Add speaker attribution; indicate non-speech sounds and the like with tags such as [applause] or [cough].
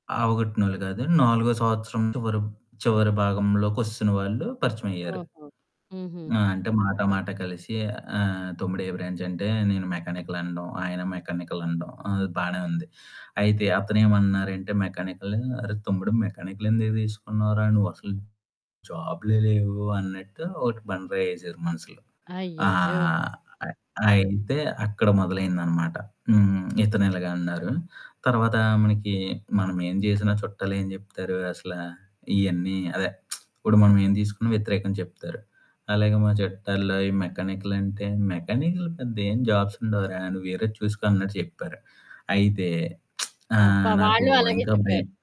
Speaker 1: అవగొట్టినోళ్ళు కాదు నాలుగో సంవత్సరం చివరం చివరి భాగంలోకొస్తున్న వాళ్ళు పరిచయమైయ్యారు.
Speaker 2: ఓహో! హుహు.
Speaker 1: ఆ! అంటే మాట మాట కలిసి, ఆహ్, "తమ్ముడు ఏ బ్రాంచంటే?" నేను మెకానికల్ అనడం, ఆయన మెకానికల్ అనడం అది బానే ఉంది. అయితే అతనేమన్నారంటే మెకానికలూ "అరే తమ్ముడు మెకానికలెందుకు తీసుకున్నావురా? నువ్వు అసలు జాబులే లేవు," అన్నట్టు ఒకటి బండరాయి వేసారు మనసులో. ఆ!
Speaker 2: అయ్యయ్యో!
Speaker 1: అయి ఆయనింతే అక్కడ మొదలైంది అనమాట. హ్మ్. ఇతను ఇలాగ అన్నారు. తర్వాత మనకి, మనం ఏం చేసినా చుట్టాలు ఏం చెప్తారు, అసల ఇయన్నీ అదే [smacks lips] ఇప్పుడు మనం ఏం తీసుకున్నా వ్యతిరేకం చెప్తారు. అలాగే మా చట్టాల్లో ఈ మెకానికలంటే "మెకానికల్ పెద్ద ఏం జాబ్సుండవురా! నువ్వు వేరేది చూసుకో" అన్నట్టు చెప్పారు. అయితే [smacks lips] ఆహ్,
Speaker 2: అబ్బా!
Speaker 1: నాకు
Speaker 2: వాళ్ళు అలాగే
Speaker 1: ఇంకా
Speaker 2: చెప్పారు.
Speaker 1: భయం